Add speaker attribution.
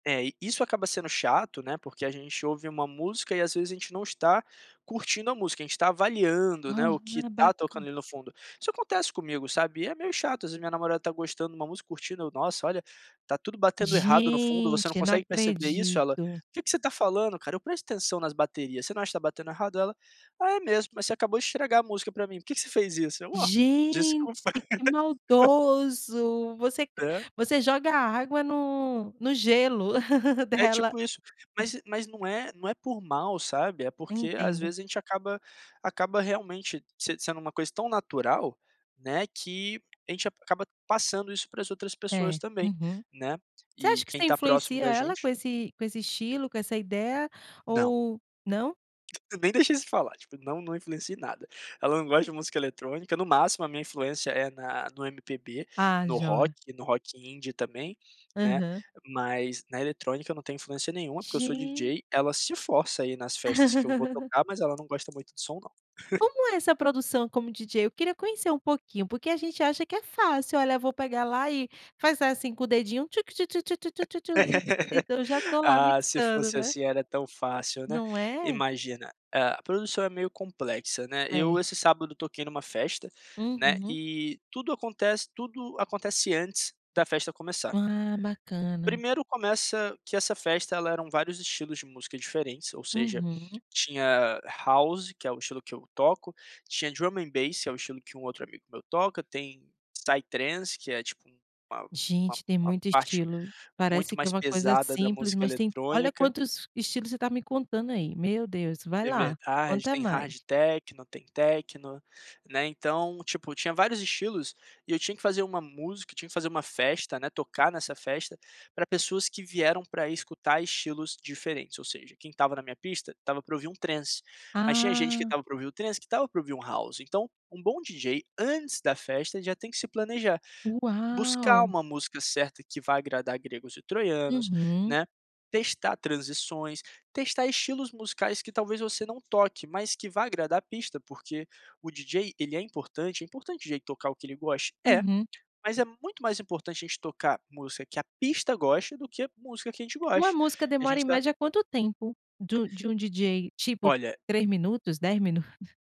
Speaker 1: É, isso acaba sendo chato, né, porque a gente ouve uma música e, às vezes, a gente não está curtindo a música, a gente tá avaliando, né, o que
Speaker 2: Aham,
Speaker 1: tá tocando
Speaker 2: baca
Speaker 1: ali no fundo. Isso acontece comigo, sabe. É meio chato, às vezes a minha namorada tá gostando de uma música, curtindo: "Nossa, olha, tá tudo batendo errado no fundo. Você
Speaker 2: Gente,
Speaker 1: não
Speaker 2: eu não
Speaker 1: consegue perceber isso?" Ela:
Speaker 2: acredito!
Speaker 1: "O que que você tá falando, cara?" Eu: "Presta atenção na bateria. Você não acha que tá batendo errado?" Ela: "Ah, é mesmo. Mas você acabou de estragar a música pra mim. Por que que você fez isso?" Eu: "Oh,
Speaker 2: Gente,
Speaker 1: desculpa."
Speaker 2: que maldoso! Você
Speaker 1: Hã?
Speaker 2: você joga água no no gelo
Speaker 1: É
Speaker 2: dela.
Speaker 1: tipo isso, mas mas não é não é por mal, sabe, é porque às
Speaker 2: Entendo.
Speaker 1: vezes a gente acaba acaba realmente se sendo uma coisa tão natural, né, que a gente acaba passando isso pra as outras pessoas
Speaker 2: É.
Speaker 1: também,
Speaker 2: Uhum.
Speaker 1: né.
Speaker 2: Você
Speaker 1: E
Speaker 2: acha que
Speaker 1: quem
Speaker 2: você
Speaker 1: tá próximo
Speaker 2: influencia
Speaker 1: da
Speaker 2: ela? Com
Speaker 1: gente
Speaker 2: esse com esse estilo, com essa ideia
Speaker 1: Não.
Speaker 2: ou não?
Speaker 1: Eu nem deixo isso falar. Tipo, não, não influencio em nada. Ela não gosta de música eletrônica, no máximo a minha influência é na no MPB,
Speaker 2: Ah,
Speaker 1: no rock
Speaker 2: joia.
Speaker 1: e no rock indie também, né,
Speaker 2: Aham.
Speaker 1: mas na eletrônica eu não tenho influência nenhuma, porque eu sou
Speaker 2: Gen
Speaker 1: DJ, ela se força ir nas festas que eu vou tocar, mas ela não gosta muito do som não.
Speaker 2: Como é essa produção como DJ? Eu queria conhecer um pouquinho, porque a gente acha que é fácil: "Olha, vou pegar lá, e fazer assim com o dedinho: tchu-tchu-tchu-tchu-tchu-tchu" E ,então, eu já tô lá
Speaker 1: Ah, se
Speaker 2: mixando,
Speaker 1: fosse
Speaker 2: né.
Speaker 1: assim era tão fácil, né,
Speaker 2: Não é?
Speaker 1: imagina. A produção é meio complexa, né.
Speaker 2: É.
Speaker 1: Eu esse sábado toquei numa festa, né,
Speaker 2: Uhum.
Speaker 1: e tudo acontece tudo acontece antes da festa começar.
Speaker 2: Ah, bacana.
Speaker 1: Primeiro, começa que essa festa, ela eram vários estilos de música diferentes, ou seja,
Speaker 2: Uhum.
Speaker 1: tinha house, que é o estilo que eu toco, tinha drum and bass, é o estilo que um outro amigo meu toca, tem psytrance, que é, tipo, um uma uma
Speaker 2: Gente, tem
Speaker 1: uma
Speaker 2: muito
Speaker 1: parte
Speaker 2: estilo.
Speaker 1: muito
Speaker 2: Parece que é
Speaker 1: mais
Speaker 2: uma coisa
Speaker 1: pesada da
Speaker 2: simples,
Speaker 1: música
Speaker 2: mas tem olha
Speaker 1: eletrônica
Speaker 2: quantos estilo você tá me contando aí, meu Deus. Vai
Speaker 1: É
Speaker 2: lá,
Speaker 1: verdade,
Speaker 2: conta
Speaker 1: tem hard
Speaker 2: mais.
Speaker 1: techno, tem techno, né. Então, tipo, tinha vários estilos, e eu tinha que fazer uma música tinha que fazer uma festa, né, tocar nessa festa, pra pessoas que vieram pra escutar estilos diferentes, ou seja, quem estava na minha pista, estava pra ouvir um transe, mas tinha gente que
Speaker 2: Ah.
Speaker 1: estava pra ouvir o transe, que estava pra ouvir um house. Então, um bom DJ antes da festa já tem que se planejar, buscar
Speaker 2: Uau.
Speaker 1: uma música certa que vá agradar gregos e troianos,
Speaker 2: Uhum.
Speaker 1: né, testar transições, testar estilos musicais que talvez você não toque, mas que vá agradar a pista, porque, o DJ, ele é importante, é importante o DJ tocar o que ele goste, é,
Speaker 2: Uhum.
Speaker 1: mas é muito mais importante a gente tocar música que a pista goste, do que a música que a gente
Speaker 2: Uma
Speaker 1: goste,
Speaker 2: música
Speaker 1: a
Speaker 2: demora em
Speaker 1: gente tá
Speaker 2: média quanto tempo? Du de um DJ, tipo,
Speaker 1: Olha
Speaker 2: 3 minutos, 10 minutos?